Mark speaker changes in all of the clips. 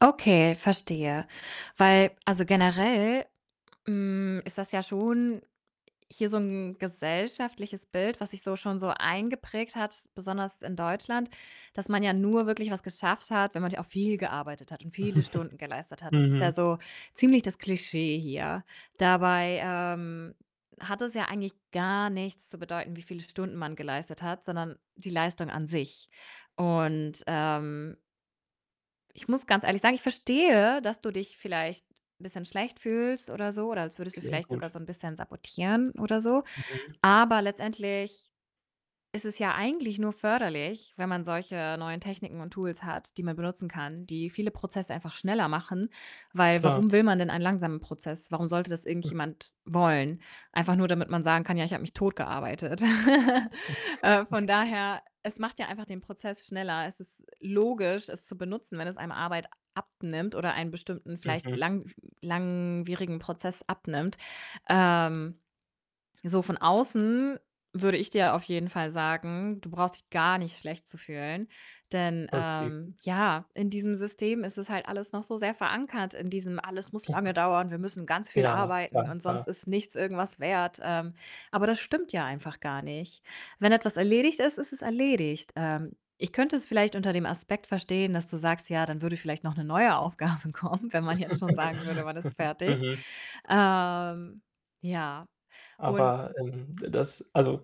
Speaker 1: Okay, verstehe. Weil also, generell, hm, ist das ja schon hier so 'n gesellschaftliches Bild, was sich so schon so eingeprägt hat, besonders in Deutschland, dass man ja nur wirklich was geschafft hat, wenn man ja auch viel gearbeitet hat und viele Stunden geleistet hat. Das ist
Speaker 2: Mhm.
Speaker 1: ja so ziemlich das Klischee hier. Dabei, ähm, hat es ja eigentlich gar nichts zu bedeuten, wie viele Stunden man geleistet hat, sondern die Leistung an sich und, ähm ich muss ganz ehrlich sagen, ich verstehe, dass du dich vielleicht bisschen schlecht fühlst oder so oder als würdest du
Speaker 2: Okay,
Speaker 1: vielleicht
Speaker 2: gut.
Speaker 1: sogar so 'n bisschen sabotieren oder so.
Speaker 2: Mhm.
Speaker 1: Aber letztendlich ist es ja eigentlich nur förderlich, wenn man solche neuen Techniken und Tools hat, die man benutzen kann, die viele Prozesse einfach schneller machen. Weil
Speaker 2: Klar.
Speaker 1: warum will man denn einen langsamen Prozess? Warum sollte das irgendjemand wollen? Einfach nur, damit man sagen kann: „Ja, habe mich tot gearbeitet.“ Äh, von
Speaker 2: [unintelligible]
Speaker 1: daher, es macht ja einfach den Prozess schneller. Es ist logisch, es zu benutzen, wenn es einem Arbeit abnimmt oder einen bestimmten, vielleicht
Speaker 2: Mhm.
Speaker 1: langw langwierigen Prozess abnimmt. Ähm, so von außen würde ich dir auf jeden Fall sagen, du brauchst dich gar nicht schlecht zu fühlen. Denn
Speaker 2: Ok,
Speaker 1: ähm,
Speaker 2: gut.
Speaker 1: ja, in diesem System ist es halt alles noch so sehr verankert in diesem: „Alles muss lange dauern, wir müssen ganz viel
Speaker 2: Ja, klar,
Speaker 1: arbeiten und
Speaker 2: klar.
Speaker 1: sonst ist nichts irgendwas wert.“ Ähm, aber das stimmt ja einfach gar nicht. Wenn etwas erledigt ist, ist es erledigt. Ähm, ich könnte es vielleicht unter dem Aspekt verstehen, dass du sagst: „Ja, dann würde vielleicht noch 'ne neue Aufgabe kommen“, wenn man jetzt schon sagen würde, man ist fertig.
Speaker 2: Mhm.
Speaker 1: Ähm, ja, und
Speaker 2: Aber, ähm, das also,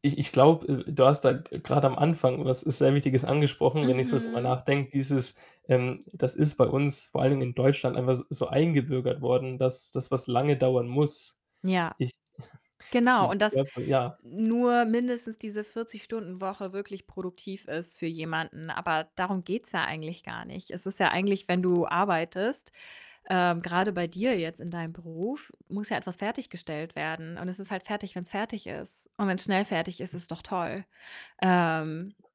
Speaker 2: ich ich glaube, äh, du hast da, äh, grad am Anfang was sehr Wichtiges angesprochen, wenn ich so drüber
Speaker 1: Mhm.
Speaker 2: nachdenke, dieses, ähm das ist bei uns vor allen Dingen in Deutschland einfach s so eingebürgert worden, dass dass was lange dauern muss.
Speaker 1: Ja,
Speaker 2: Ich
Speaker 1: genau
Speaker 2: ich
Speaker 1: und dass
Speaker 2: [unintelligible] ja.
Speaker 1: nur mindestens diese 40- Stunden-Woche wirklich produktiv ist für jemanden, aber darum geht's ja eigentlich gar nicht. Es ist ja eigentlich, wenn du arbeitest ähm, grade bei dir jetzt in deinem Beruf muss ja etwas fertiggestellt werden und es ist halt fertig, wenn's fertig ist und wenn's schnell fertig ist, ist doch toll. Ähm